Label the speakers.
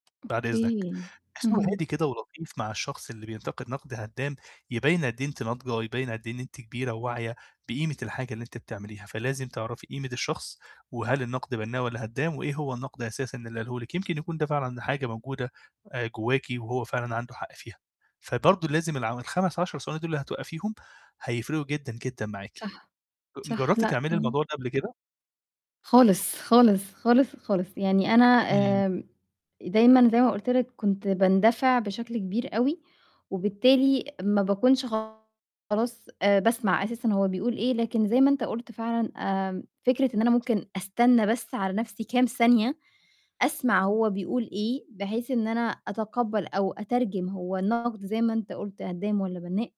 Speaker 1: بعد إذنك،
Speaker 2: Okay.
Speaker 1: باحس إن هو هادي
Speaker 2: اهم.
Speaker 1: كده ولطيف مع الشخص اللي بينتقد نقد هدام، يبين قد إيه أنتِ ناضجة، يبين قد إيه إن أنتِ كبيرة وواعية بقيمة الحاجة اللي أنتِ بتعمليها، فلازم تعرفي قيمة الشخص، وهل النقد بنّاء والّا هدام، وإيه هو النقد أساسًا اللي قاله لِك، يمكن يكون ده فعلًا حاجة موجودة، آآ جواكِ وهو فعلًا عنده حق فيها. فبرضه لازم الع ال5، 10 ثواني دول اللي هتوقفيهم. هيفرقوا جدًا جدًا معاكِ.
Speaker 2: صح،
Speaker 1: ج
Speaker 2: صح.
Speaker 1: جربتِ
Speaker 2: لأ،
Speaker 1: تعملي
Speaker 2: امم.
Speaker 1: الموضوع ده قبل كده؟
Speaker 2: خالص، خالص، خالص، خالص. يعني أنا،
Speaker 1: إمم.
Speaker 2: آمم، دايمًا زي ما قُلت لك كنت باندفع بشكل كبير أوي، وبالتالي ما باكونش خلاص آآ باسمع أساسًا هو بيقول إيه، لكن زي ما أنت قُلت فعلًا، آمم، فكرة إن أنا ممكن أستنى بس على نفسي كام ثانية أسمع هو بيقول إيه، بحيث إن أنا أتقبَّل أو أترجم هو النقد زي ما أنت قُلت هدّام ولا بنّاء.